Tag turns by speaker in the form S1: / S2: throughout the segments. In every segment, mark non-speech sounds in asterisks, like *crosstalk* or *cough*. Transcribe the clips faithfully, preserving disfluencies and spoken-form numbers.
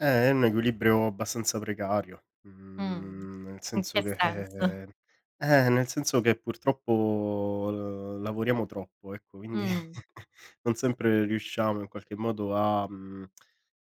S1: Ehm, è un equilibrio abbastanza precario,
S2: Mh,
S1: mhmm, nel
S2: in
S1: senso
S2: che
S1: che *exhales*
S2: senso?
S1: eh, nel senso che, purtroppo, l lavoriamo troppo, ecco, quindi
S2: Mh.
S1: *chuckles* non sempre riusciamo in qualche modo a mhmm,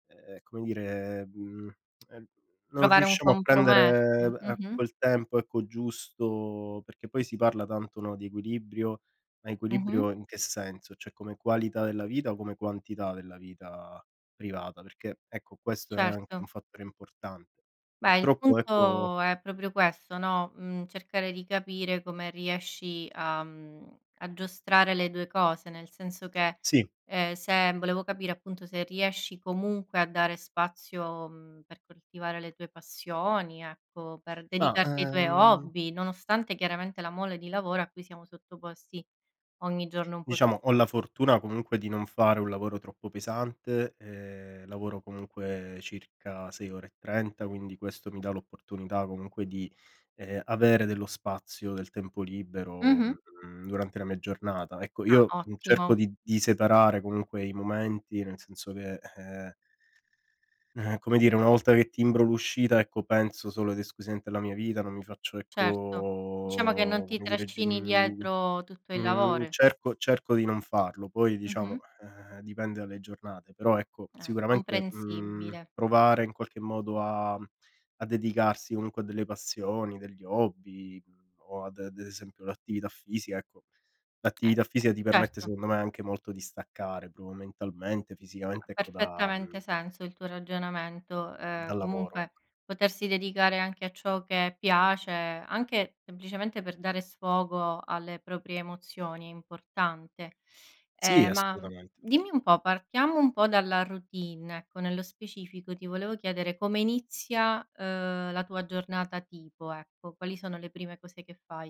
S1: *tsk* ehm, come dire, mhmm, ehm, non
S2: Trovare un
S1: riusciamo a prendere
S2: compromesso.
S1: a
S2: Mh-mh.
S1: quel tempo, ecco, giusto. Perché poi si parla tanto, no, di equilibrio, ma
S2: Mh-mh.
S1: equilibrio in che senso? ceh come qualità della vita o come quantità della vita privata? Perché, ecco, questo è anche un
S2: Certo.
S1: fattore importante.
S2: Beh, il
S1: Purtroppo ecco
S2: punto è proprio questo, no, mhmm, cercare di capire come riesci a mhmm, a giostrare le due cose, nel senso che,
S1: Sì.
S2: ehm, se volevo capire, appunto, se riesci comunque a dare spazio, mhmm, per coltivare le tue passioni, ecco, per
S1: Ma
S2: dedicarti ai tuoi
S1: ehm
S2: hobby, nonostante, chiaramente, la mole di lavoro a cui siamo sottoposti ogni giorno un po'
S1: Diciamo ho la fortuna comunque di non fare un lavoro troppo pesante. Ehm, lavoro comunque circa sei ore e trenta quindi questo mi dà l'opportunità comunque di, ehm, avere dello spazio, del tempo libero,
S2: Mh-mh.
S1: mhmm, durante la mia giornata. Ecco, io
S2: Ah, ottimo.
S1: cerco di di separare comunque i momenti, nel senso che ehm ehm come dire, una volta che timbro l'uscita, ecco, penso solo ed esclusivamente alla mia vita, non mi faccio
S2: Certo, diciamo che non
S1: ecco,
S2: ti
S1: come dire, g
S2: trascini
S1: mhmm,
S2: dietro tutto il
S1: mhmm,
S2: lavoro.
S1: cerco cerco di non farlo, poi, diciamo,
S2: Mh-mh.
S1: ehm, dipende dalle giornate. Però, ecco,
S2: Eh,
S1: sicuramente, mhmm,
S2: comprensibile.
S1: provare, in qualche modo, a a dedicarsi comunque a delle passioni, degli hobby o, ad d'esempio l'attività fisica, ecco.
S2: Eh,
S1: L'attività
S2: beh,
S1: fisica ti permette,
S2: certo.
S1: secondo me, anche molto di staccare propo mentalmente,
S2: Ha
S1: fisicamente, ecco, da
S2: perfettamente
S1: mhmm
S2: senso il tuo ragionamento. Ehm,
S1: dal lavoro,
S2: comunque
S1: ecco.
S2: potersi dedicare anche a ciò che piace, anche semplicemente per dare sfogo alle proprie emozioni è importante.
S1: Sì,
S2: Ehm, ma
S1: assolutamente.
S2: dimmi un po': partiamo un po' dalla routine, ecco, nello specifico ti volevo chiedere come inizia, ehm, la tua giornata tipo, ecco. Quali sono le prime cose che fai?